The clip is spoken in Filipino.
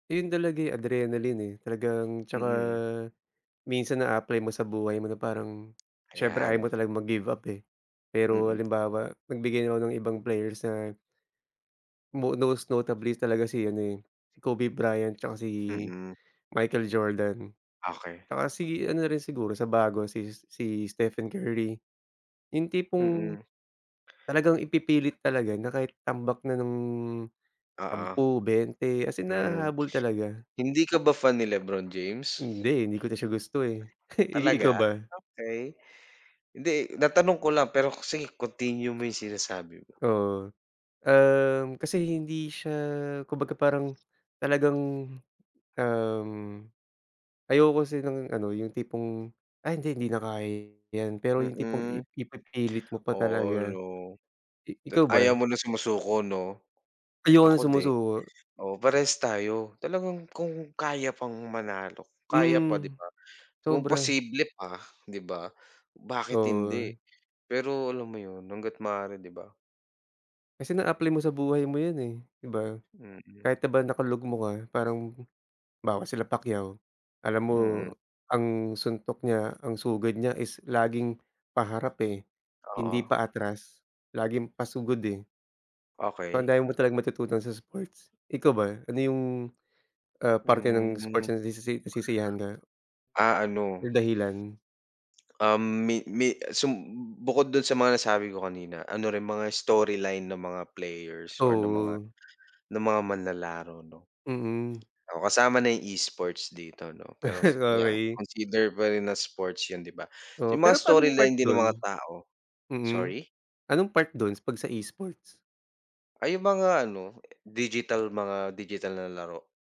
Ayun talaga, eh, adrenaline, eh, talagang tsaka Mm. minsan naa-apply mo sa buhay mo na parang, siyempre ayaw mo Ayan. talagang mag-give up, eh. Pero Mm. halimbawa, magbigay na ako ng ibang players na mo most notably talaga si ano eh, si Kobe Bryant tsaka si Mm. Michael Jordan. Okey. Tsaka si ano na rin, siguro sa bago si, si Stephen Curry, yung tipong Mm. talagang ipipilit talaga na kahit tambak na ng Oo, 10 20 as in hmm. nahahabol talaga. Hindi ka ba fan ni Lebron James? Hindi, eh, hindi ko na siya gusto, eh. I ikaw Talaga, ba? okey. Hindi, natanong ko lang. Pero sige continue mo 'yong sinasabi mo. Oo, um, kasi hindi siya, kumbaga, parang talagang, um, ayoko kasi ng ano, yung tipong, ay hindi, hindi na kaya ’yan. Pero yung tipong Mm. ip ipipilit mo pa Oo, talaga. 'no? I Ta ikaw ayaw ba? mo na sumusuko, 'no? Ayoko ng Ako din. sumusuko. Oo, parehas tayo. Talagang kung kaya pang manalo, kaya pa, di Hmm, ba? Kung sobra. posible pa, di ba? Bakit hindi, Oo. pero alam mo 'yon hangga't maaari, di ba? Kasi na-apply mo sa buhay mo ’yan, eh, ’di ba? Mm. Kahit na ba nakalugmok ka, parang 'bawa sila Pacquiao. Alam mo, Mm. ang suntok niya, ang sugod niya, is laging paharap, eh, hindi Oo. pa atras. Laging pasugod, eh. O, ang Okey. dami mo talagang matututunan sa sports. Ikaw ba? Ano yung, ah, parte ng sports Hmm. na nasisi nasisiyahan ka? Ah, ano. Or dahilan? Um, mi mi sum bukod dun sa mga nasabi ko kanina, ano rin mga storyline ng mga players or ng mga, Oo. ng mga manlalaro, 'no. Mm. Oo, kasama na yung e-sports dito, 'no. Peros yeah, Okey. consider pa rin na sports yun, di ba? Oo, Yung mga pero panong part storyline din ng mga dun? tao, Mhm, sorry? anong part duns, pag sa e-sports? Ay, yung mga ano digital, mga digital na laro.